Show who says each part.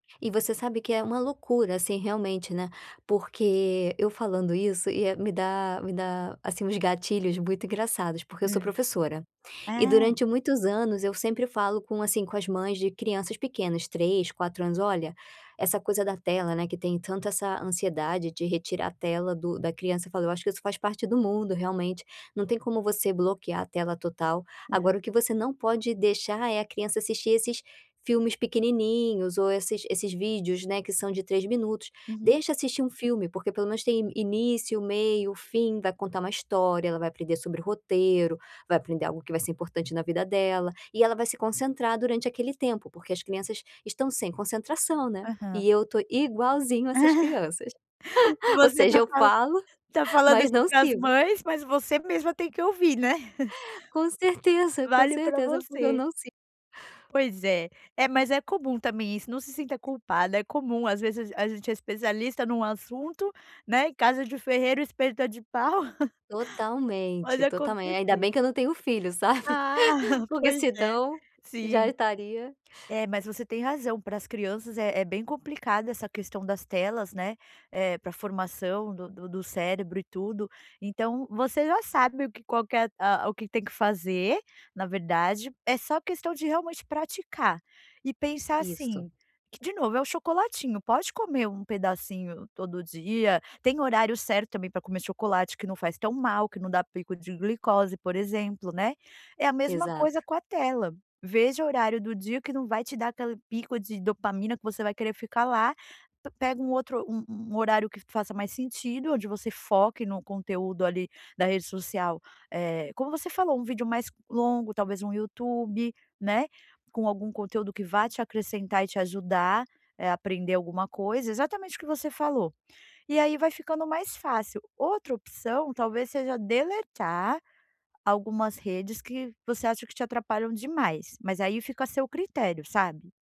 Speaker 1: E você sabe que é uma loucura, assim, realmente, né, porque, eu falando isso ia me dá me dá, assim, uns gatilhos muito engraçados porque eu sou
Speaker 2: Hã.
Speaker 1: professora. E
Speaker 2: Ah.
Speaker 1: durante muitos anos eu sempre falo com assim, com as mães de crianças pequenas, 3, 4 anos: "Olha", essa coisa da tela, né, que tem tanto essa ansiedade de retirar a tela do da criança, eu falo: "Eu acho que isso faz parte do mundo, realmente, não tem como você bloquear a tela total.
Speaker 2: Aham.
Speaker 1: Agora, o que você não pode deixar é a criança assistir esses filmes pequenininhos ou esses esses vídeos, né, que são de 3 minutos.
Speaker 2: Uhum.
Speaker 1: Deixa assistir um filme porque pelo menos tem início, meio, fim, vai contar uma história, ela vai aprender sobre roteiro, vai aprender algo que vai ser importante na vida dela, e ela vai se concentrar durante aquele tempo.", porque as crianças estão sem concentração, né,
Speaker 2: Aham.
Speaker 1: e eu tô igualzinho essas crianças. Ou
Speaker 2: Você
Speaker 1: seja
Speaker 2: tá
Speaker 1: eu
Speaker 2: falando
Speaker 1: falo,
Speaker 2: tá falando
Speaker 1: mas
Speaker 2: isso
Speaker 1: não
Speaker 2: para as
Speaker 1: sigo.
Speaker 2: mães, mas você mesma tem que ouvir, né.
Speaker 1: Com certeza, com
Speaker 2: Vale para
Speaker 1: certeza, porque eu
Speaker 2: você.
Speaker 1: não sigo.
Speaker 2: Pois é. É, mas é comum também isso, não se sinta culpada, é comum às vezes a gente é especialista num assunto, né, em casa de ferreiro o espeto é de pau
Speaker 1: Totalmente,
Speaker 2: Pode
Speaker 1: totalmente ainda
Speaker 2: acontecer.
Speaker 1: bem que eu não tenho filhos, sabe.
Speaker 2: Ah,
Speaker 1: Porque
Speaker 2: pois é,
Speaker 1: senão, já
Speaker 2: sim.
Speaker 1: estaria
Speaker 2: É, mas você tem razão, pras crianças é é bem complicada essa questão das telas, né, eh, para a formação do do do cérebro e tudo, então, você já sabe o que qual, ah, o que tem que fazer, na verdade, é só questão de realmente praticar e pensar
Speaker 1: Isso.
Speaker 2: assim: que de novo é o chocolatinho, pode comer um pedacinho todo dia, tem horário certo também para comer chocolate que não faz tão mal que não dá pico de glicose, por exemplo, né. É a mesma
Speaker 1: Exato.
Speaker 2: coisa com a tela. Veja o horário do dia que não vai te dar aquele pico de dopamina que você vai querer ficar lá, pe pega um outro um um um horário que faça mais sentido onde você foque no conteúdo ali da rede social, eh, como você falou, um vídeo mais longo talvez um YouTube, né, com algum conteúdo que vá te acrescentar e te ajudar, eh, a aprender alguma coisa, exatamente o que você falou. E aí vai ficando mais fácil. Outra opção talvez seja deletar algumas redes que você acha que te atrapalham demais. Mas aí fica a seu critério, sabe.